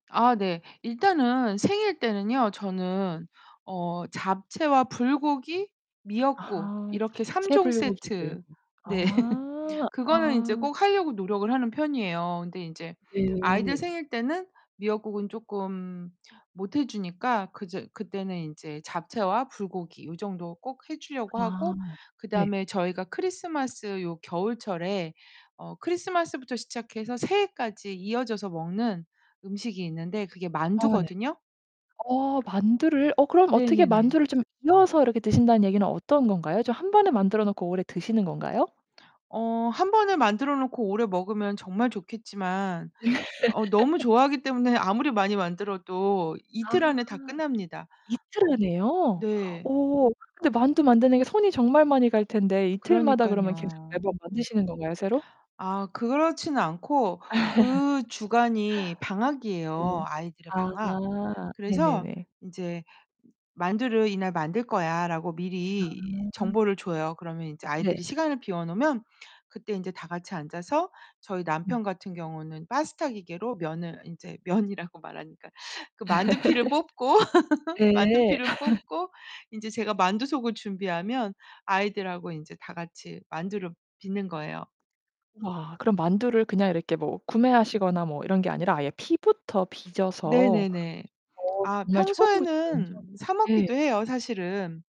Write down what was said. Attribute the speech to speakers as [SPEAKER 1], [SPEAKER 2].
[SPEAKER 1] 아 네. 일단은 생일 때는요 저는 어 잡채와 불고기, 미역국
[SPEAKER 2] 아하
[SPEAKER 1] 이렇게 3
[SPEAKER 2] 잡채
[SPEAKER 1] 종
[SPEAKER 2] 불고기를
[SPEAKER 1] 세트
[SPEAKER 2] 아
[SPEAKER 1] 네. 그거는 인제
[SPEAKER 2] 아.
[SPEAKER 1] 꼭 하려고 노력을 하는 편이에요. 근데 인제 아이들
[SPEAKER 2] 네.
[SPEAKER 1] 생일 때는 미역국은 쪼끔 못해 주니까 그저 그때는 이제 잡채와 불고기 요 정도 꼭 해 주려고
[SPEAKER 2] 아
[SPEAKER 1] 하고
[SPEAKER 2] 네.
[SPEAKER 1] 그다음에 저희가 크리스마스 요 겨울철에 어 크리스마스부터 시작해서 새해까지 이어져서 먹는 음식이 있는데 그게
[SPEAKER 2] 아 네.
[SPEAKER 1] 만두거든요.
[SPEAKER 2] 어 만두를 어 그럼 어떻게
[SPEAKER 1] 네네네.
[SPEAKER 2] 만두를 좀 이어서 이렇게 드신다는 얘기는 어떤 건가요? 좀 한번에 만들어 놓고 오래 드시는 건가요?
[SPEAKER 1] 어 한번에 만들어 놓고 오래 먹으면 정말 좋겠지만 어 너무 좋아하기 때문에 아무리 많이 만들어도
[SPEAKER 2] 아.
[SPEAKER 1] 이틀 안에 다 끝납니다.
[SPEAKER 2] 이틀
[SPEAKER 1] 음.
[SPEAKER 2] 안에요?
[SPEAKER 1] 네.
[SPEAKER 2] 오 근데 만두 만드는 게 손이 정말 많이 갈 텐데 이틀마다 그러면 계속
[SPEAKER 1] 그러니깐요.
[SPEAKER 2] 매번 만드시는 건가요 새로?
[SPEAKER 1] 아 그렇진 않고 그 주간이 방학이에요
[SPEAKER 2] 네.
[SPEAKER 1] 아이들의
[SPEAKER 2] 아
[SPEAKER 1] 방학. 그래서
[SPEAKER 2] 네네네.
[SPEAKER 1] 인제 "만두를 이날 만들 거야."라고 미리
[SPEAKER 2] 아.
[SPEAKER 1] 정보를 줘요. 그러면 인제
[SPEAKER 2] 네.
[SPEAKER 1] 아이들이 시간을 비워 놓으면 그때 인제 다 같이 앉아서 저희
[SPEAKER 2] 음.
[SPEAKER 1] 남편 같은 경우는 파스타 기계로 면을 인제 면이라고 말하니까 그 만두 피를 뽑고 만두
[SPEAKER 2] 예.
[SPEAKER 1] 피를 뽑고 인제 제가 만두속을 준비하면 아이들하고 인제 다 같이 만두를 빚는 거예요.
[SPEAKER 2] 와 그럼 만두를 그냥 이렇게 뭐 구매하시거나 뭐 이런 게 아니라 아예 피부터 빚어서
[SPEAKER 1] 네네네.
[SPEAKER 2] 어
[SPEAKER 1] 아
[SPEAKER 2] 정말 처음부터 완전
[SPEAKER 1] 평소에는 사 먹기도
[SPEAKER 2] 예.
[SPEAKER 1] 해요 사실은.